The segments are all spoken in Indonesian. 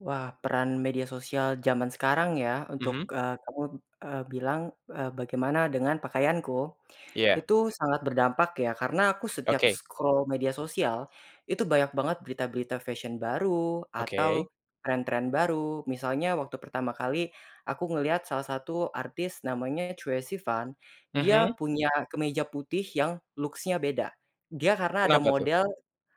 Wah, peran media sosial zaman sekarang ya untuk, Mhm. eee, kamu, eee, bilang, eee, bagaimana dengan pakaianku. Iya. Itu sangat berdampak ya karena aku setiap Oke. scroll media sosial, itu banyak banget berita-berita fashion baru, Oke. atau tren-tren baru, misalnya waktu pertama kali aku ngelihat salah satu artis namanya Troye Sivan, dia Mhm. punya kemeja putih yang looks-nya beda. Dia karena ada Kenapa tuh? model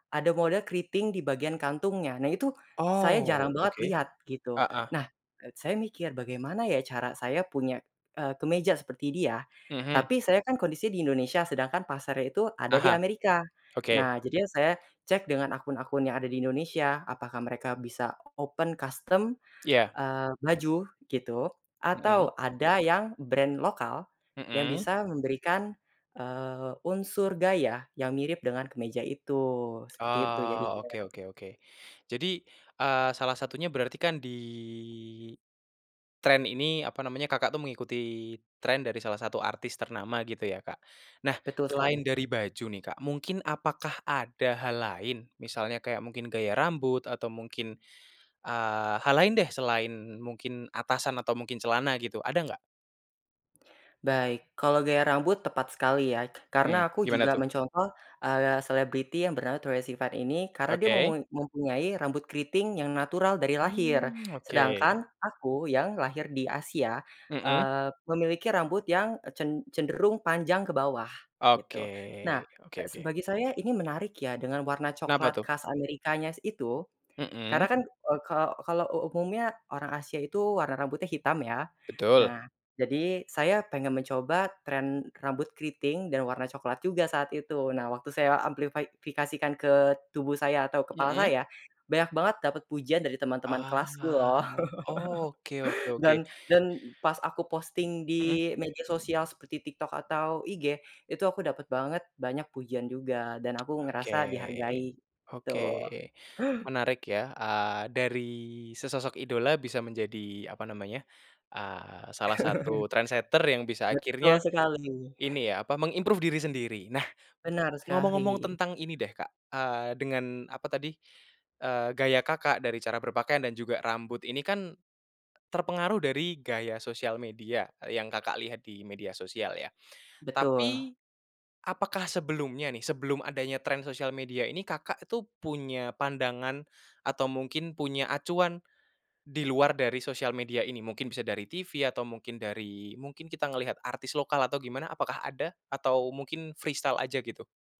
ada model keriting di bagian kantungnya. Nah itu, saya jarang Oh, banget oke. lihat, gitu. Heeh. Nah, eee, saya mikir, "Bagaimana ya cara saya punya, eee, kemeja seperti dia?" Mhm. Tapi saya kan kondisi di Indonesia, sedangkan pasarnya itu ada di Aha, Amerika. oke. Nah, jadinya saya cek dengan akun-akun yang ada di Indonesia, apakah mereka bisa open custom, Ya. eee, baju gitu, Mhm. atau ada yang brand lokal yang Mmm. bisa memberikan, eee, unsur gaya yang mirip dengan kemeja itu, seperti itu Oh, jadinya. oke oke oke. Jadi, eee, salah satunya berarti kan di tren ini apa namanya, Kakak tuh mengikuti tren dari salah satu artis ternama gitu ya, Kak. Nah, Betul selain sekali. dari baju nih, Kak, mungkin apakah ada hal lain misalnya kayak mungkin gaya rambut, atau mungkin, eee, hal lain deh, selain mungkin atasan atau mungkin celana gitu, ada nggak? Baik, kalau gaya rambut tepat sekali ya, karena Hmm, aku gimana juga tuh? mencontoh, eee, selebriti yang bernama Troye Sivan ini, karena dia Oke. memui mempunyai rambut keriting yang natural dari lahir. Mmm, oke. Sedangkan aku yang lahir di Asia, Mhm. eee, memiliki rambut yang, eee, cen cenderung panjang ke bawah gitu. Nah, Oke oke ke s oke. bagi saya ini menarik ya dengan warna Kenapa coklat tuh? khas Amerika-nya s itu, karena Mmm. kan, eee, ka kalo u umumnya orang Asia itu warna rambutnya hitam ya. Betul. Nah, jadi saya pengen mencoba tren rambut keriting dan warna coklat juga saat itu. Nah, waktu saya amplify fikasikan ke tubuh saya atau kepala Mmm. saya, banyak banget dapat pujian dari teman-teman kelasku Ah, loh. oke oke oke. Dan dan pas aku posting Mhm. di media sosial seperti TikTok atau IG, itu aku dapet banget banyak pujian juga dan aku Oke ngerasa dihargai, oke, gitu menarik ya. Eee, dari sesosok idola bisa menjadi apa namanya, eee, salah satu trendsetter yang bisa Betul akhirnya sekali. ini ya apa, meng-improve diri sendiri. Nah, Benar ngomong-ngomong sekali. tentang ini deh, Kak, eee, dengan apa tadi, eee, gaya Kakak dari cara berpakaian dan juga rambut ini kan terpengaruh dari gaya sosial media yang Kakak lihat di media sosial ya. Betul. Tapi, apakah sebelumnya nih, sebelum adanya tren sosial media ini, Kakak tuh punya pandangan, atau mungkin punya acuan, di luar dari sosial media ini, mungkin bisa dari TV, atau mungkin dari mungkin kita ngelihat artis lokal atau gimana apakah ada? Atau mungkin freestyle aja gitu?